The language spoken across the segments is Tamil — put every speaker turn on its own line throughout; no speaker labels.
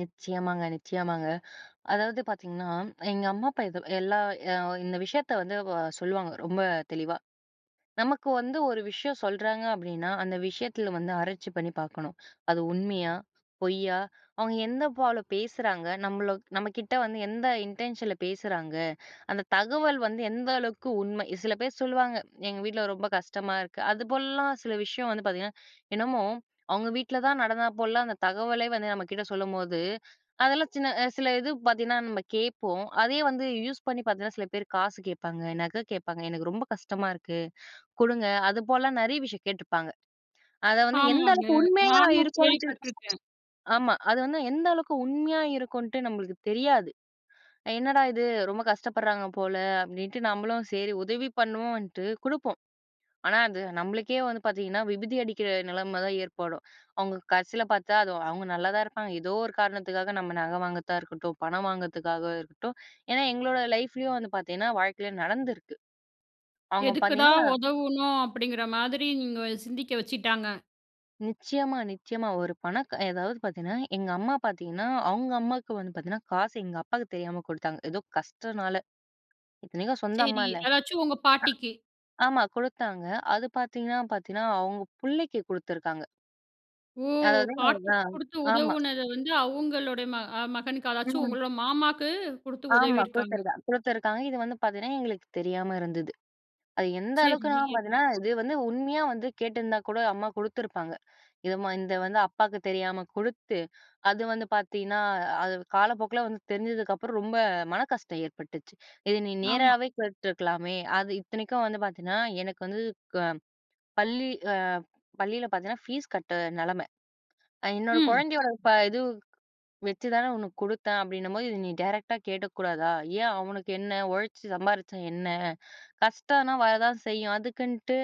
நிச்சயமாங்க. நிச்சயமாங்க. அதாவது பார்த்தீங்கன்னா, எங்க அம்மா அப்பா இது எல்லா இந்த விஷயத்த வந்து சொல்லுவாங்க ரொம்ப தெளிவா. நமக்கு வந்து ஒரு விஷயம் சொல்றாங்க அப்படின்னா, அந்த விஷயத்துல வந்து ஆராய்ச்சி பண்ணி பார்க்கணும். அது உண்மையா, பொய்யா, அவுங்க எந்த போல பேசுறாங்க, நம்மள நம்ம கிட்ட வந்து எந்த இன்டென்ஷன்ல பேசுறாங்க. அந்த தகவல் வந்து எந்த அளவுக்கு உண்மை. சில பேரு சொல்லுவாங்க, எங்க வீட்ல ரொம்ப கஷ்டமா இருக்கு. அதுபோலலாம் சில விஷயம் வந்து பார்த்தீங்கன்னா, என்னமோ அவுங்க வீட்ல தான் நடந்தா போலலாம் அந்த தகவலே வந்து நம்ம கிட்ட சொல்லும்போது, அதெல்லாம் சின்ன சில இது பார்த்தீங்கன்னா நம்ம கேட்போம். அதே வந்து யூஸ் பண்ணி பார்த்தீங்கன்னா சில பேரு காசு கேட்பாங்க, நகை கேட்பாங்க, எனக்கு ரொம்ப கஷ்டமா இருக்கு குடுங்க, அதுபோல நெறைய விஷயம் கேட்டுருப்பாங்க. அதை வந்து எந்த
ஆமாங்க.
அளவுக்கு உண்மையா
நானும்
இருக்குன்னு சொல்லி
கேள்விப்பட்டுருக்கேன்.
ஆமா, அது வந்து எந்த அளவுக்கு உண்மையா இருக்குன்ட்டு நம்மளுக்கு தெரியாது. என்னடா இது ரொம்ப கஷ்டப்படுறாங்க போல அப்படின்ட்டு, நம்மளும் சரி உதவி பண்ணுவோன்ட்டு குடுப்போம். ஆனா அது நம்மளுக்கே வந்து பார்த்தீங்கன்னா, விபுதி அடிக்கிற நிலைம தான் ஏற்படும். அவுங்க கடைசியில பார்த்தா அது, அவங்க நல்லா தான் இருப்பாங்க. ஏதோ ஒரு காரணத்துக்காக நம்ம நகை வாங்குறதா இருக்கட்டும், பணம் வாங்குறதுக்காக இருக்கட்டும். ஏன்னா எங்களோட லைஃப்லேயும் வந்து பார்த்தீங்கன்னா. வாழ்க்கையில் நடந்திருக்கு. அவுங்க
எதுக்குடா
பார்த்தீங்கன்னா
உதவணும் அப்டிங்கிற மாதிரி நீங்க சிந்திக்க வச்சிட்டாங்க.
நிச்சயமா, நிச்சயமா. ஒரு பண க எதாவது பாத்தீங்கன்னா எங்க அம்மா பார்த்தீங்கன்னா, அவங்க அம்மாவுக்கு வந்து பார்த்தீங்கன்னா காசு எங்க அப்பாக்கு தெரியாம குடுத்தாங்க, ஏதோ கஷ்டனால. இத்தனைக்கும் சொந்த அம்மா
சரி.
இல்ல.
அதாச்சும் உங்க பாட்டிக்கு.
ஆமா குடுத்தாங்க. அது பார்த்தீங்கன்னா பார்த்தீங்கன்னா அவுங்க பிள்ளைக்கு குடுத்திருக்காங்க.
ஓ!
அதனால
பாட்டிக்கு
தான்
குடுத்து
ஆமா.
உதவுனத வந்து, அவுங்களுடைய, மக மகனுக்கு அதாச்சும்
ம்.
உங்களோட மாமாக்கு குடுத்து
ஆமா
உதவியிருக்காங்க.
குடுத்துருக்கா குடுத்துருக்காங்க. இது வந்து பார்த்தீங்கன்னா எங்களுக்கு தெரியாம இருந்தது. அது எந்த அளவுக்குனா
சரி.
பார்த்தீங்கன்னா, இது வந்து உண்மையா வந்து கேட்டிருந்தா கூட அம்மா குடுத்துருப்பாங்க. இது இந்த வந்து அப்பாக்கு தெரியாம குடுத்து அது வந்து பார்த்தீங்கன்னா அது காலப்போக்குல வந்து தெரிஞ்சதுக்கு அப்புறம், ரொம்ப மனக்கஷ்டம் ஏற்பட்டுச்சி. இத நீ
ஆமா.
நேராவே கேட்டுருக்கலாமே. அது இத்தனைக்கும் வந்து பார்த்தீங்கன்னா, எனக்கு வந்து பள்ளி பள்ளியில பார்த்தீங்கன்னா, ஃபீஸ் கட்ட நிலைம. என்னோட
ம்.
குழந்தையோட இது வச்சு தானே உனக்கு குடுத்தேன் அப்டின்னும்போது, இத நீ டைரக்ட்டா கேட்டுக்க கூடாதா? ஏன் அவனுக்கு என்ன? உழைச்சி சம்பாரிச்சா என்ன? கஷ்டம்னா வர தான் செய்யும், அதுக்குன்ட்டு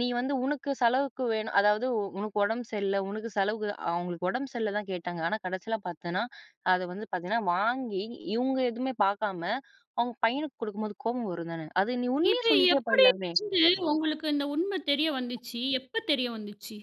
நீ வந்து உனக்கு செலவுக்கு வேணும். அதாவது உனக்கு உடம்பு சரியில்ல, உனக்கு செலவுக்கு அவுங்களுக்கு உடம்பு சரியில்ல தான் கேட்டாங்க. ஆனா கடைசியில பார்த்தன்னா, அத வந்து பார்த்தீங்கன்னா, வாங்கி இவுங்க எதுவுமே பார்க்காம, அவுங்க பையனுக்கு குடுக்கும்போது கோபம் வரும் தானே. அது நீ உண்மைய
இது
சொல்லிட்டே
எப்டி
போயிரலாமே!
வந்து உங்களுக்கு இந்த உண்மை தெரிய வந்துச்சி? எப்ப தெரிய வந்துச்சி?